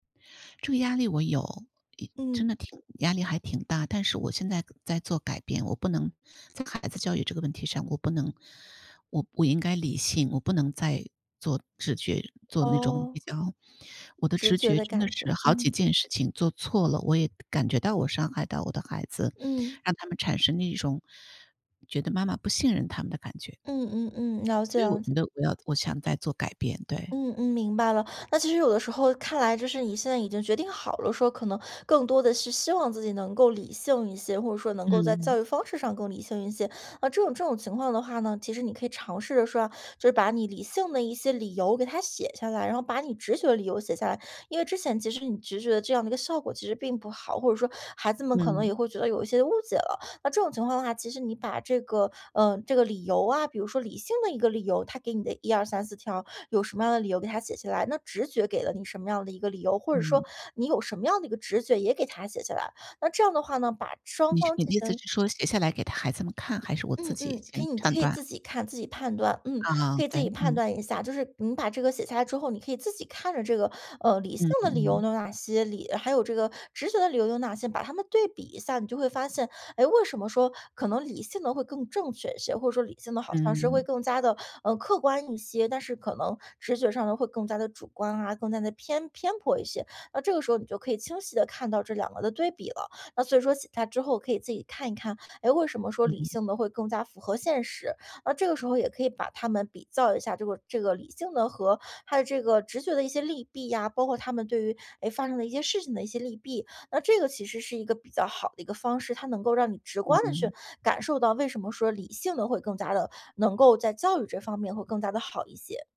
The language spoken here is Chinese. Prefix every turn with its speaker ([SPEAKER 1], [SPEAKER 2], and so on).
[SPEAKER 1] 这个压力我有，一
[SPEAKER 2] 嗯。
[SPEAKER 1] 真的挺压力还挺大。但是我现在在做改变，我不能在孩子教育这个问题上，我不能我我应该理性，我不能再做直觉做那种比
[SPEAKER 2] 哦。
[SPEAKER 1] 较我的
[SPEAKER 2] 直
[SPEAKER 1] 直
[SPEAKER 2] 觉
[SPEAKER 1] 觉
[SPEAKER 2] 的
[SPEAKER 1] 真的
[SPEAKER 2] 感觉，
[SPEAKER 1] 是好
[SPEAKER 2] 嗯。
[SPEAKER 1] 几件事情做错了，我也感觉到我伤害到我的孩子，
[SPEAKER 2] 嗯。
[SPEAKER 1] 让他们产生了一种，觉得妈妈不信任他们的感觉。
[SPEAKER 2] 嗯，嗯，嗯，了解，
[SPEAKER 1] 所以我
[SPEAKER 2] 了解。
[SPEAKER 1] 觉得我要我想再做改变，对。
[SPEAKER 2] 嗯，嗯，明白了，那其实有的时候看来就是你现在已经决定好了，说可能更多的是希望自己能够理性一些，或者说能够在
[SPEAKER 1] 嗯。
[SPEAKER 2] 教育方式上更理性一些。那这种这种情况的话呢，其实你可以尝试着说啊，就是把你理性的一些理由给它写下来，然后把你直觉的理由写下来。因为之前其实你直觉的这样的一个效果其实并不好，或者说孩子们可能
[SPEAKER 1] 嗯。
[SPEAKER 2] 也会觉得有一些误解了。那这种情况的话，其实你把这个呃，这个理由啊，比如说理性的一个理由，它给你的1234条有什么样的理由给它写下来，那直觉给了你什么样的一个理由，或者
[SPEAKER 1] 嗯。
[SPEAKER 2] 说你有什么样的一个直觉也给它写下来。那这样的话呢，把双
[SPEAKER 1] 你是
[SPEAKER 2] 方
[SPEAKER 1] 你的
[SPEAKER 2] 进
[SPEAKER 1] 意思
[SPEAKER 2] 行
[SPEAKER 1] 是说写下来给他孩子们看，还是我自
[SPEAKER 2] 嗯，
[SPEAKER 1] 己
[SPEAKER 2] 嗯，可
[SPEAKER 1] 先
[SPEAKER 2] 以你可
[SPEAKER 1] 判
[SPEAKER 2] 以
[SPEAKER 1] 断？
[SPEAKER 2] 自己看，自己判断，嗯，
[SPEAKER 1] 啊，
[SPEAKER 2] 可以
[SPEAKER 1] 对，
[SPEAKER 2] 自己判
[SPEAKER 1] 嗯。
[SPEAKER 2] 断一下。就是你把这个写下来之后，你可以自己看着这个，呃，理性
[SPEAKER 1] 嗯，
[SPEAKER 2] 的理由
[SPEAKER 1] 嗯。
[SPEAKER 2] 有哪些，理还有这个直觉的理由有哪些，把它们对比一下，你就会发现，哎，为什么说可能理性的会更正确一些，或者说理性的好像是会
[SPEAKER 1] 嗯。
[SPEAKER 2] 更加的，呃，客观一些，但是可能直觉上的会更加的主观啊，更加的偏偏颇一些。那这个时候你就可以清晰地看到这2个的对比了，那所以说写下之后可以自己看一看，哎，为什么说理
[SPEAKER 1] 嗯。
[SPEAKER 2] 性的会更加符合现实，而这个时候也可以把它们比较一下这个这个理性的和它的这个直觉的一些利弊呀，包括它们对于，哎，发生的一些事情的一些利弊，那这个其实是一个比较好的一个方式，它能够让你直观地
[SPEAKER 1] 嗯。
[SPEAKER 2] 去感受到，为什么说理性的会更加的，能够在教育这方面会更加的好一些。